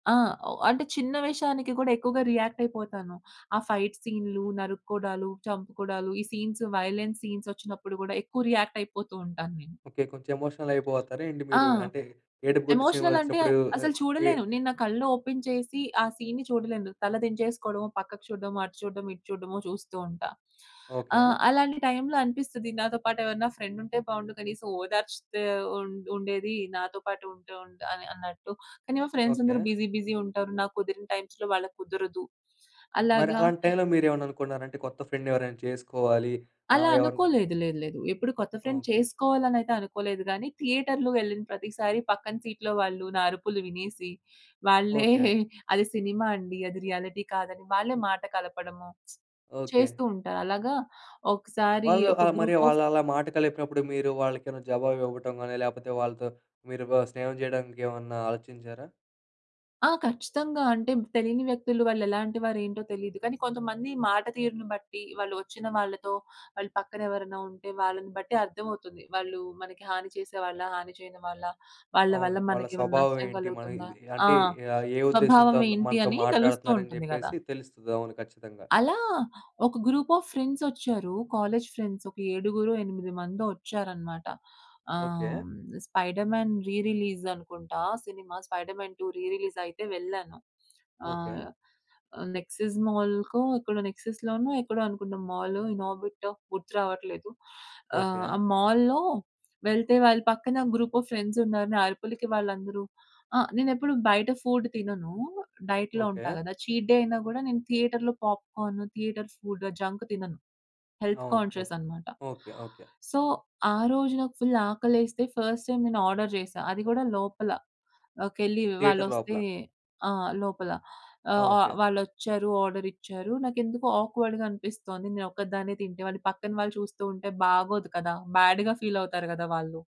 ఆ! వా అంటే చిన్న విషయానికి కూడా ఎక్కువగా రియాక్టయిపోతాను. ఆ ఫైట్ సీన్లు, నరుక్కోడాలు, చంపుకోడాలు ఈ సీన్స్ వయలెన్స్ సీన్సొచ్చినప్పుడు కూడా, ఎక్కువ రియాక్టైపోతూ ఉంటాను నేను. ఓకే. కొంచెం ఎమోషనల్ అయిపోతారా ఏంటి ఆ! మీరు? అంటే ఏడుపుగొట్టు ఎమోషనలంటే సినిమాలొచ్చినప్పుడు. అసలు ఏ చూడలేను. ఏఐ నేను నా కళ్ళు ఓపెన్ చేసి ఆ సీన్‌ని చూడలేను. తల దించేసుకోవడమో, పక్కకు చూడ్డమో, అటు చూడ్డమో, ఇటు చూడ్డమో చూస్తూ ఉంటా. ఆ! ఓకే. అలాంటి టైంలో అనిపిస్తది నాతో పాటు ఎవరైనా ఫ్రెండ్ ఉంటె బావుండు. కనీసం ఓదార్చితే ఉండు ఉండేది నాతో పాటు ఉంటె ఉంటా ఆహ్, అన్నట్టు. కానీ మా ఫ్రెండ్స్ ఓకే. అందరూ బిజీ బిజీ ఉంటారు. నాకు కుదిరిన టైమ్స్‌లో వాళ్ళకి కుదరదు. మరి అలాగా అలాంటి టైంలో మీరేమైనా అనుకున్నారా? అంటే కొత్త ఫ్రెండ్ ఎవరైనా చేసుకోవాలి, ఆ! అలా ఎవరన్నా అనుకోలేదు. లేదు. లేదు. ఎప్పుడు కొత్త ఫ్రెండ్ ఓకే. చేసుకోవాలి అనైతే అనుకోలేదు గానీ థియేటర్‌లో వెళ్ళిన ప్రతిసారి పక్కన సీట్‌లో వాళ్ళు నా అరుపులు వినేసి వాళ్ళే ఓకే. అది సినిమా అండి. అది రియాలిటీ కాదని వాళ్ళే మాట కలపడము ఓకే. చేస్తూ ఉంటారు. అలాగా ఒక్కసారి వాళ్ళు ఒక ఆహ్, మరి గ్రూప్ ఆఫ్ వాళ్ళు అలా మాట కలిపినప్పుడు, మీరు వాళ్ళకేనా జవాబు ఇవ్వటం గాని లేపోతే వాళ్ళతో మీరు వా స్నేహం చేయడానికేమన్నా ఆలోచించారా? ఆ! ఖచ్చితంగా అంటే తెలియని వ్యక్తులు వాళ్ళేలాంటి వారు ఏంటో తెలియదు. కానీ, కొంతమంది మాట తీరును బట్టి, వాళ్ళు వచ్చిన వాళ్ళతో వాళ్ళు పక్కన ఎవరైనా ఉంటే వాళ్ళని బట్టి అర్థమవుతుంది. వాళ్ళు మనకి హాని చేసే వాళ్ళా? హాని చేయని వాళ్ళా? వాళ్ళ అవును. వల్ల వాళ్ళ మనకేమైనా స్వభావం నష్టం ఏంటి? మన కలుగుతుందా? ఇది ఆ! అంటే ఆహ్, ఏ ఉద్దేశ్యంతో స్వభావం అంత ఏంటి, మనతో అని తెలుస్తూ మాట్లాడుతున్నారని ఉంటుంది కదా! జెప్పేసి తెలుస్తది. అవును. ఖచ్చితంగా. అలా ఒక గ్రూప్ ఆఫ్ ఫ్రెండ్సొచ్చారు. కాలేజీ ఫ్రెండ్స్ ఒక ఏడుగురో, ఎనిమిది మందో వచ్చారన్నమాట. ఆహ్, ఓకే. హ్మ్. 'స్పైడర్‌మ్యాన్' రీ రిలీజ్ అనుకుంటా సినిమా 'స్పైడర్‌మ్యాన్ 2' రీ రిలీజ్ అయితే వెళ్ళాను. ఓకే. ఆహ్, ఆహ్, నెక్సస్ మాల్‌కో ఎక్కడో నెక్సస్‌లోనో ఎక్కడో అనుకుంట మాలు ఇన్ ఆర్బిటో గుర్తు రావట్లేదు. ఆహ్, ఓకే. ఆ మాల్‌లో వెళ్తే వాళ్ళ పక్కన గ్రూప్ ఆఫ్ ఫ్రెండ్స్‌న్నారు. నా అరుపులకి వాళ్ళందరూ ఆ! నేనేప్పుడు బయట ఫుడ్ తినను. డైట్‌లో ఉంటా ఓకే. కదా! చీట్ డే అయినా కూడా నేను థియేటర్‌లో పాప్‌కార్ను థియేటర్ ఫుడ్ జంక్ తినను. హెల్త్ అవును. Conscious okay. అన్నమాట. ఓకే. ఓకే. సో ఆ రోజు నాకు ఫుల్ ఆకలేస్తే ఫస్ట్ టైమ్ నేను ఆర్డర్ చేశా. అది కూడా లోపలకెళ్ళి థియేటర్ వాళ్లోస్తే లోపల. ఆహ్, లోపల. ఆ! ఆహ్, ఆ! ఓకే. వాళ్ళచ్చారు. ఆర్డరిచ్చారు. నాకెందుకో ఆక్వర్డ్‌‌గా అనిపిస్తుంది. నేను ఒక్కదాన్నే తింటే వాళ్ళు పక్కన వాళ్ళు చూస్తూ ఉంటే బాగోదు కదా! బ్యాడ్‌గా ఫీల్ అవుతారు కదా! వాళ్ళు.